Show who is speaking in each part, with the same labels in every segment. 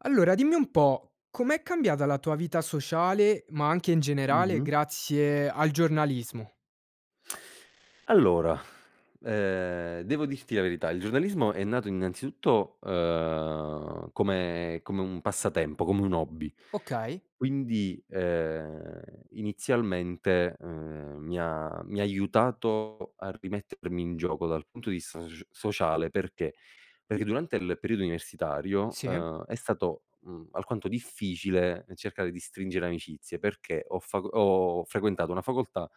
Speaker 1: Allora, dimmi un po': com'è cambiata la tua vita sociale, ma anche in generale,
Speaker 2: Mh-mh.
Speaker 1: grazie al giornalismo?
Speaker 2: Allora, ehm, devo dirti la verità: il giornalismo è nato, innanzitutto, ehm, come come un passatempo, come un hobby,
Speaker 1: Okay.
Speaker 2: quindi, ehm, inizialmente, ehm, mi ha mi ha aiutato a rimettermi in gioco dal punto di vista soc sociale, perché? Perché durante il periodo universitario,
Speaker 1: Sì.
Speaker 2: ehm, è stato, mhmm, alquanto difficile cercare di stringere amicizie, perché ho faco ho frequentato una facoltà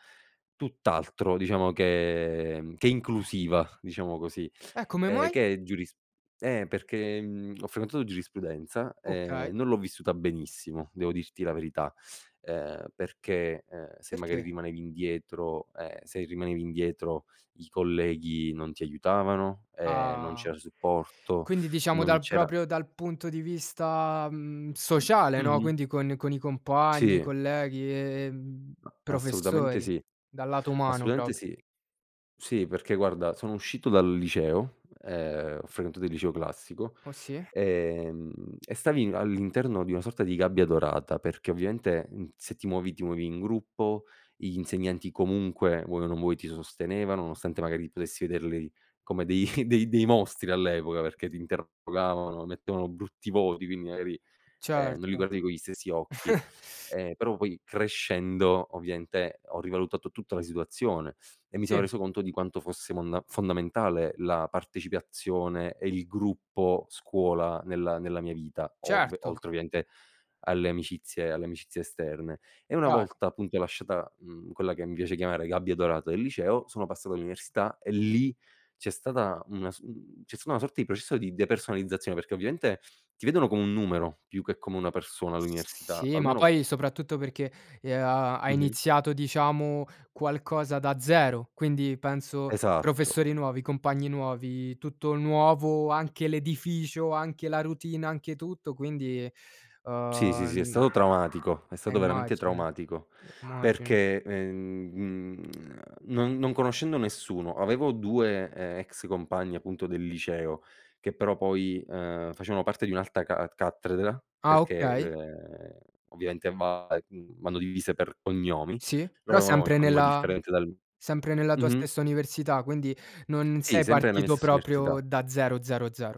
Speaker 2: tutt'altro, diciamo, che che inclusiva, diciamo così,
Speaker 1: Eh, come
Speaker 2: ehm,
Speaker 1: mai?
Speaker 2: che è giurisp eh perché, mhmm, ho frequentato giurisprudenza e
Speaker 1: Okay.
Speaker 2: non l'ho vissuta benissimo, devo dirti la verità, ehm, perché, ehm, se magari
Speaker 1: Perché?
Speaker 2: rimanevi indietro ehm, se rimanevi indietro, i colleghi non ti aiutavano, ehm, non
Speaker 1: Ah,
Speaker 2: c'era supporto,
Speaker 1: quindi, diciamo,
Speaker 2: non
Speaker 1: dal
Speaker 2: c'era
Speaker 1: proprio dal punto di vista, mhmm, sociale, no,
Speaker 2: Mh-mh.
Speaker 1: quindi con con i compagni,
Speaker 2: Sì.
Speaker 1: colleghi, ehm,
Speaker 2: Assolutamente
Speaker 1: professori.
Speaker 2: sì,
Speaker 1: Dal lato umano
Speaker 2: assolutamente
Speaker 1: proprio.
Speaker 2: sì. Sì, perché, guarda, sono uscito dal liceo, ehm, ho frequentato il liceo classico,
Speaker 1: Oh sì.
Speaker 2: ehm, e stavi all'interno di una sorta di gabbia dorata perché, ovviamente, mhmm, se ti muovi, ti muovi in gruppo, gli insegnanti comunque, vuoi o non vuoi, ti sostenevano, nonostante magari potessi vederli come dei dei dei mostri all'epoca, perché ti interrogavano, mettevano brutti voti, quindi, magari, ehm, non li
Speaker 1: Certo.
Speaker 2: guardi con gli stessi occhi. Ehm, però poi crescendo, ovviamente, ho rivalutato tutta la situazione e mi sono
Speaker 1: Sì.
Speaker 2: reso conto di quanto fosse monda fondamentale la partecipazione e il gruppo scuola nella nella mia vita, ov
Speaker 1: Certo.
Speaker 2: oltre ovviamente alle amicizie alle amicizie esterne. E una
Speaker 1: Chiaro.
Speaker 2: volta, appunto, lasciata, mhmm, quella che mi piace chiamare gabbia dorata del liceo, sono passato all'università e lì c'è stata una s mhmm, c'è stata una sorta di processo di depersonalizzazione perché, ovviamente, ti vedono come un numero, più che come una persona
Speaker 1: S
Speaker 2: all'università,
Speaker 1: sì, ma
Speaker 2: almeno
Speaker 1: poi soprattutto perché e uhm, ha hai
Speaker 2: Mh-mh.
Speaker 1: iniziato, diciamo, qualcosa da 0. Quindi penso
Speaker 2: Esatto.
Speaker 1: professori nuovi, compagni nuovi, tutto nuovo, anche l'edificio, anche la routine, anche tutto, quindi,
Speaker 2: Sì, sì, sì, è
Speaker 1: uhm
Speaker 2: stato traumatico, è
Speaker 1: eh
Speaker 2: stato veramente
Speaker 1: immagino,
Speaker 2: traumatico
Speaker 1: immagino.
Speaker 2: perché, ehm, n mhmm, non non conoscendo nessuno, avevo 2, ehm, ex compagni, appunto, del liceo che, però, poi, ehm, facevano parte di un'altra ca cattedra
Speaker 1: Ah,
Speaker 2: perché,
Speaker 1: okay.
Speaker 2: ehm, ovviamente, va ehm, vanno divise per cognomi,
Speaker 1: Sì,
Speaker 2: loro
Speaker 1: però
Speaker 2: avevamo il
Speaker 1: sempre
Speaker 2: cognome
Speaker 1: nella
Speaker 2: differente dal
Speaker 1: sempre nella tua
Speaker 2: mh-mh.
Speaker 1: stessa università, quindi non
Speaker 2: Sì,
Speaker 1: sei
Speaker 2: sempre nella mia
Speaker 1: partito
Speaker 2: stessa università.
Speaker 1: proprio da 0, 0, 0.